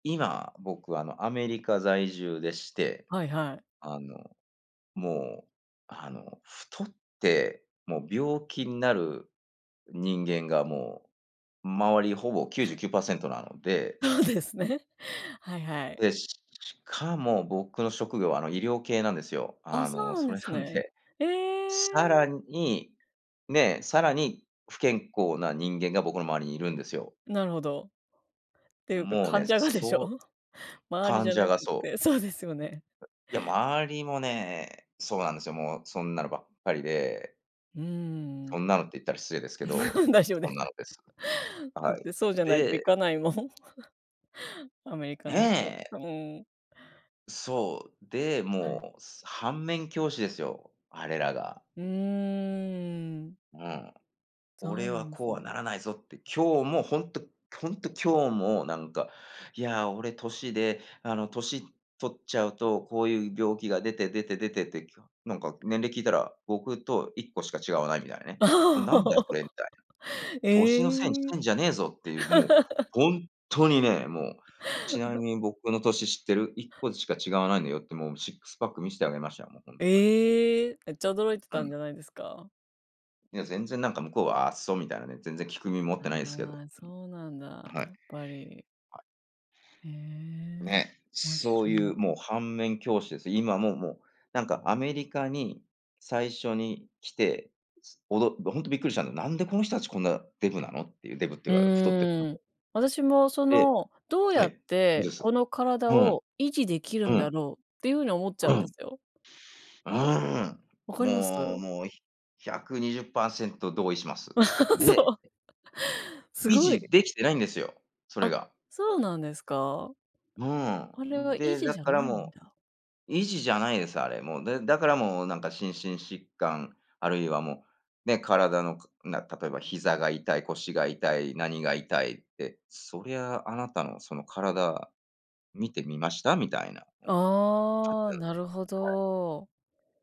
今、僕、あの、アメリカ在住でして、はいはい。あの、もう、あの、太って、もう病気になる人間がもう、周りほぼ99%なので。そうですね。はいはい。で、ししかも僕の職業はあの医療系なんですよ。あ、あそうの、なんそでれすなんね。で、えさらえ。に、ね、さらに、不健康な人間が僕の周りにいるんですよ。なるほど。ていうか、もうね、患者がでしょ？そう周りじ患ゃ者なくがそう。て。そうですよね。いや、周りもね、そうなんですよ。もう、そんなのばっかりで。うーそん。んなのって言ったら失礼ですけど、大丈夫でそんす。なのです。だっはい。てそうじゃないと行でかないもん。アメリカの人は。ねえ。そ、うーん。そう。で、はい。もう、反面教師ですよ、あれんらが。うーん。うん。そう俺なはんでこすうはね。ならないぞって、今日も、ほんとほんと今日も、なんか、「いや、俺年で、あの年取っちゃうと、こういう病気が出て出て出て」てきかなんか年齢聞いたら、僕と1個しか違わないみたいなね。これ何だよ、それ、み たいな。年のせいにしええ。てんじゃねえぞっていう、もう、ほんっとにね、もう、「ちなみに僕の年知ってる？1個しか違わないのよ」って、もう、シックスパック見してあげましたよ。もう、ほんとにもう。ええ、めっちゃ驚いてうたんん。じゃないですか？いや、全然なんか向こうは「あっそ」みたいなね、全然聞く耳持ってないあですけど。あ、そうなんうん。だ、はやい。っぱり。はい。ええ、ね、面そうい白い。う、もう反面教師です。今も、もう、なんか、アメリカに最初に来て、おどど、ほんとびっくりしたんだ、なんでこの人達こんなデブなのっていうデブっていううか太ってるの。ーん、私もそでの、どうはやい、っんてです。このう体ん。を維持出来るうんだん。ろうっていう風に思っちうゃうんでん。すよ。うーん、分かります？もうもう120%同意します。そでう。す維ごい。持出来てないんですよ、それあ、が。そうなんですか？うーあれん。は維で、持だじゃからないんもだ。う、維持じゃないです、あれもう。で、だからもう、なんか心身疾患、あるいはもう、ね、体のかな例えば膝が痛い、腰が痛い、何が痛いって、そりゃ、あなたのその体見てみました？みたいな、もう、感あじあ、なんでなす。るほはい。ど。